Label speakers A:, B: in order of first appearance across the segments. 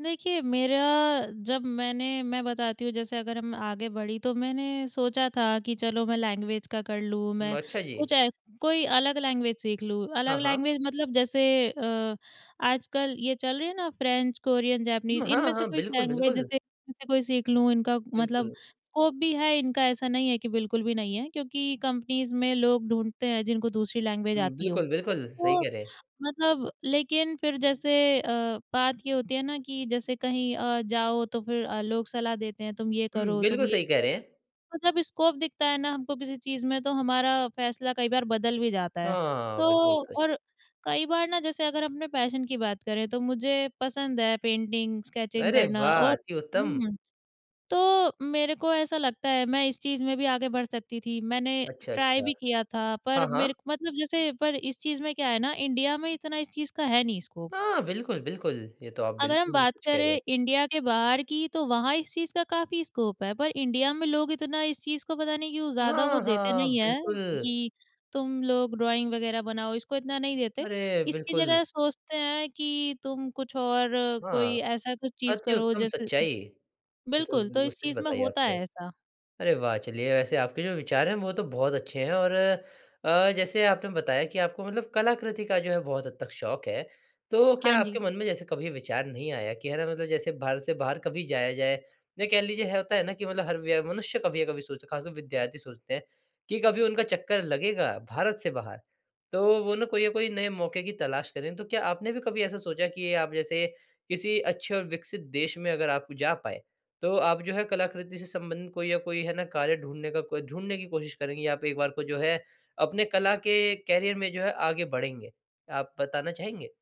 A: देखिए, मेरा जब मैंने मैं बताती हूँ जैसे अगर हम आगे बढ़ी तो मैंने सोचा था कि चलो मैं लैंग्वेज का कर लूँ
B: म
A: मैं
B: अच्छा जी।
A: कुछ ए, कोई अलग लैंग्वेज सीख लूँ।
B: हाँ,
A: अलग
B: हाँ।
A: लैंग्वेज मतलब जैसे अ, आजकल ये चल रही है ना फ्रेंच, कोरियन,
B: हुँ।
A: जैपनीज़
B: हाँ,
A: इनमें से
B: हाँ।
A: कुछ
B: बिल्कुल,
A: लैंग्वेज
B: बिल्कुल।
A: जैसे इनमें से कोई सीख लूँ। इनका मतलब
B: बिल्कुल।
A: स्कोप भी है इनका ऐसा नहीं है कि बिल्कुल भी नहीं है। क्योंकि कंपनीज़ में लोग ढूँढते हैं जिनको दूसरी लैंग्वेज
B: हुँ,
A: आती हो।
B: बिल्कुल, बिल्कुल। सही
A: तो
B: कह रहे हैं।
A: मतलब लेकिन फ़िर जैसे अ, बात ये होती है ना कि जैसे कहीं अ, जाओ तो फ़िर अ, लोग सलाह देते हैं तुम ये
B: हुँ,
A: करो, तुम
B: बिल्कुल।
A: ये
B: सही
A: भी
B: कह
A: करो।
B: रहे हैं।
A: मतलब स्कोप दिखता है ना हमको किसी चीज़ में तो हमारा फ़ैसला कई बार बदल भी जाता है।
B: हाँ,
A: तो
B: बिल्कुल सच।
A: और कई बार ना जैसे अगर अपने पैशन की बात करें, तो मुझे पसंद है पेंटिंग, स्केचिंग
B: अरे
A: करना।
B: वाह!
A: और
B: अति उत्तम।
A: हुँ, तो मेरे को ऐसा लगता है मैं इस चीज़ में भी आगे बढ़ सकती थी। मैंने
B: अच्छा,
A: ट्राई
B: अच्छा।
A: भी किया था पर
B: हाँ, हाँ।
A: मेर मतलब जैसे पर इस चीज़ में क्या है ना इंडिया में इतना इस चीज़ का है नहीं स्कोप।
B: हाँ बिल्कुल, बिल्कुल। ये तो आप
A: अगर हम
B: बिल्कुल
A: बात
B: सच कह रहे हैं।
A: करें इंडिया के बाहर की तो वहाँ इस चीज़ का काफ़ी स्कोप है। पर इंडिया में लोग इतना इस चीज़ को पता नहीं क्यों ज़्यादा वो
B: हाँ,
A: देते
B: हाँ
A: नहीं है
B: बिल्कुल।
A: कि तुम लोग ड्राइंग वगैरह बनाओ इसको इतना नहीं देते।
B: अरे!
A: इसकी
B: बिल्कुल।
A: जगह सोचते हैं कि तुम कुछ और
B: हाँ,
A: कोई ऐसा कुछ चीज़
B: अति
A: करो
B: उत्तम
A: जैसे
B: सच्चाई, ये तो
A: बिल्कुल तो
B: बात
A: इस
B: सच
A: चीज़ में
B: बताई
A: होता
B: आपने।
A: है ऐसा।
B: अरे वाह! चलिए वैसे आपके जो विचार है वो तो बहुत अच्छे हैं और अ, जैसे आपने बताया कि आपको मतलब कलाकृति का जो है बहुत हद तक शौक है। तो
A: हाँ
B: क्या
A: जी।
B: आपके मन में जैसे कभी विचार नहीं आया कि है ना मतलब जैसे भारत से बाहर कभी जाया जाए? नहीं कह लीजिए होता है ना कि मतलब हर व्य मनुष्य कभी अ, कभी सोच खासकर विद्यार्थी सोचते हैं कि कभी उनका चक्कर लगेगा भारत से बाहर। तो वो ना कोई ना कोई नए मौके की तलाश करें, तो क्या आपने भी कभी ऐसा सोचा कि आप जैसे किसी अच्छे और विकसित देश में अगर आप जा पाए। तो आप जो है कलाकृति से संबंधित कोई या कोई है ना कार्य ढूँढने का कोई ढूँढने की कोशिश करेंगी या आप एक बार को जो है, अपने कला के करियर में जो है आगे बढ़ेंगे। आप बताना चाहेंगे?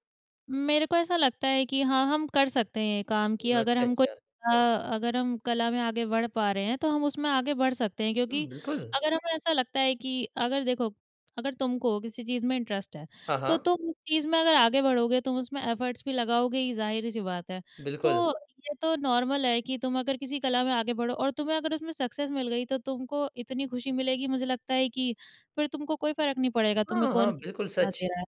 A: मेरे को ऐसा लगता है कि हाँ हम कर सकते हैं ये काम कि
B: न
A: अगर
B: अच्छा,
A: हम को
B: अच्छा।
A: अ, अगर हम कला में आगे बढ़ पा रहे हैं, तो हम उसमें आगे बढ़ सकते हैं। क्योंकि
B: हुँ, बिल्कुल।
A: अगर हमें ऐसा लगता है कि अगर देखो अगर तुम को किसी चीज़ में इंटरेस्ट है।
B: हाँ,
A: तो
B: हाँ।
A: तुम उस चीज़ में अगर आगे बढ़ोगे, तुम उसमें एफर्ट्स भी लगाओगे ही, ये ज़ाहिर सी बात है।
B: बिल्कुल।
A: तो ये तो नॉर्मल है कि तुम अगर किसी कला में आगे बढ़ो और तुम्हें अगर उसमें सक्सेस मिल गई तो तुमको इतनी ख़ुशी मिलेगी मुझे लगता है कि फ़िर तुमको कोई फ़र्क नहीं पड़ेगा तुम्हें
B: हाँ, हाँ।
A: कौन कितनी
B: बिल्कुल
A: सलाह दे
B: सच।
A: रहा है।